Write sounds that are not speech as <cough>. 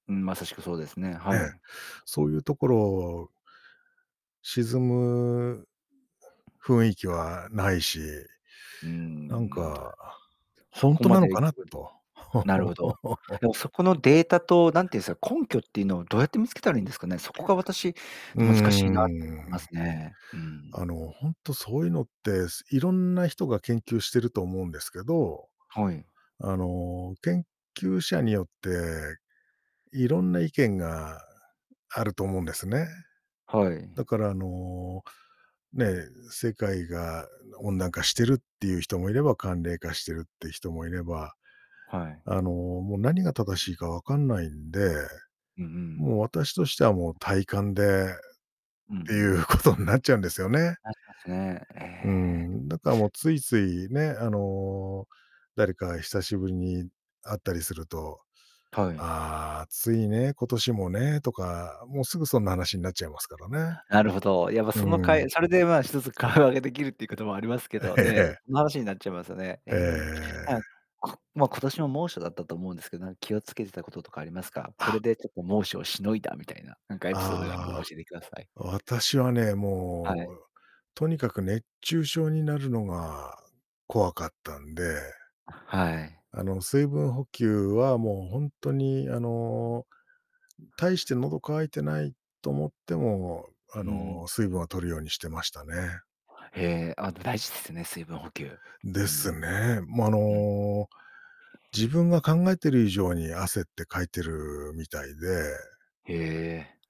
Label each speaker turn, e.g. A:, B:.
A: うん、まさしくそうですね、
B: え
A: は
B: え。
A: い。
B: そうゆう所沈む雰囲気
A: はい。
B: はないし、
A: うー
B: なん
A: ん。
B: か、
A: そ
B: ほん
A: こ
B: と
A: ま
B: なの
A: でい
B: かな
A: くと <unintelligible>
B: と。
A: なるほど。
B: <chuckles>
A: でもそこのデータと、なんていうんすか、根拠っていうのをどうやって見つけたらいいんですかね？そこが私、
B: うー
A: 難しいなって思
B: ん。
A: いますね。うー
B: あ
A: ん。
B: の、ほんとそういうのってすいろんな人が研究してると思うんですけど、
A: はい。
B: あの、研究者によっていろんな意見があると思うんですね。
A: はい。
B: だからあの、ね、世界が温暖化してるっていう人もいれば寒冷化してるっていう人もいれば、
A: はい。
B: あの、もう何が正しいか分かんないんで、
A: うんうん。
B: もう私としてはもう体感でっ
A: うんう
B: てい
A: ん。
B: うことになっちゃうんですよね。
A: なりますね。え
B: うー
A: え。
B: ん、だかもうついついね、あの、誰か久しぶりに会ったりすると
A: はい。
B: 「ああ、暑いね、今年もね」とか、もうすぐそんな話になっちゃいますからね。
A: なるほど。やっぱその
B: うー
A: か
B: ん。
A: いそれでまあ、一つ会話ができるっていうこともありますけ
B: え
A: ど、ねえ、
B: え。
A: その話になっちゃいますよね。え
B: え
A: え。<unintelligible>
B: え。
A: こまあ、今年も猛暑だったと思うんですけど、なんか気をつけてたこととかありますか？これ
B: あ
A: でちょっと猛暑をしのいだみたいな、なんかエピソードがあれば
B: あ
A: 教
B: あ、
A: えてください。
B: 私はね、
A: は
B: も
A: い。
B: うとにかく熱中症になるのが怖かったんで
A: あ、はい。
B: あの、水分補給はもうほんとに、あの、大して喉渇いてないと思っても、
A: う
B: あ
A: んうん。
B: の、水分を摂るようにしてましたね。
A: へえ、あ、でも大事ですね、水分補給。う
B: です
A: ん。
B: ね。ま、あ
A: うん。
B: の、自分が考えてる以上に汗ってかいてるみたいで
A: へえ。